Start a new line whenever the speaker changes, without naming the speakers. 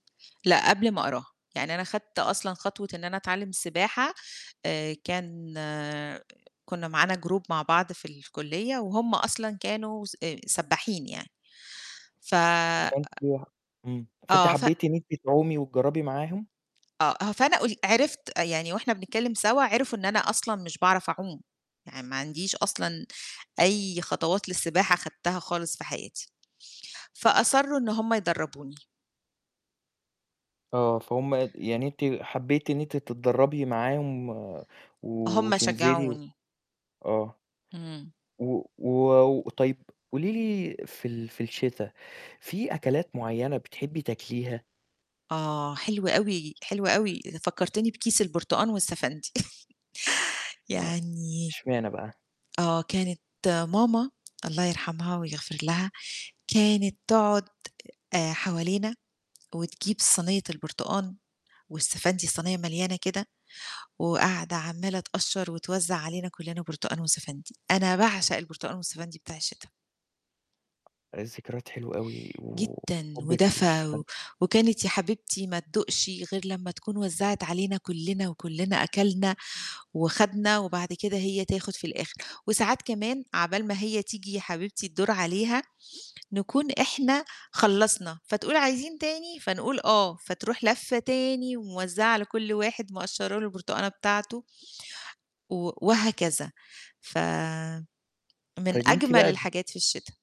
لأ، قبل ما أقراها، يعني أنا خدت أصلًا خطوة إن أنا أتعلّم السباحة، آآ كان كنّا معانا group مع بعض في الكلّية، وهم أصلًا كانوا س آآ سبّاحين يعني. ف
فأنتِ ح إمم، فأنتِ
آه، ف
حبّيتِ إن أنتِ تعومي، وتجرّبي معاهم.
آه، ه فأنا قول عرفت يعني، وإحنا بنتكلّم سوا، عرفوا إن أنا أصلًا مش باعرف أعوم، يعني ما عنديش أصلًا أي خطوات للسباحة خدتها خالص في حياتي. فأصرّوا إن هم يدربوني.
آه، فهم اد يعني أنتِ حبيتِ إن أنتِ تتدرّبي معاهم، و
هم
وتنزِلي، و
شجعوني.
آه.
إمم.
و و وطيب قولي لي، في ال في الشتا في أكلات معيّنة بتحبّي تأكليها؟
آه، حلوة أوي، حلوة أوي، آآ فكرتني بكيس البرتقال، والسَفَندي
[unintelligible]
يعني
إشمعنا بقى؟
آه، كانت ماما الله يرحمها، ويغفر لها، كانت تقعُد آآ حوالينا، وتجيب صينيّة البرتقان، والسَفَندي، الصينيّة مليانة كده وقاعدة عمّالة تقشّر، وتوزّع علينا كلّنا برتقان، وسَفَندي. أنا باعشق البرتقان، والسَفَندي بتاع الشتا.
ذكريات حلوة أوي،
جدًا،
وحُبك
ودفى،
لليوستَفَن
و وكانت يا حبيبتي ما تدوقش غير لمّا تكون وزّعت علينا كلّنا، وكلّنا أكلنا وخدنا، وبعد كده هي تاخُد في الآخِر، وساعات كمان عَقبال ما هي تيجي يا حبيبتي الدور عليها، نكون إحنا خلّصنا، فتقول: "عايزين تاني؟" فنقول: "آه." فتروح لفّة تاني، وموزّعة على كلّ واحد مقشّر له البرتقانة بتاعته، و وهكذا. فمن
طيب أنتِ
أجمّل
بقى د
الحاجات في الشتا.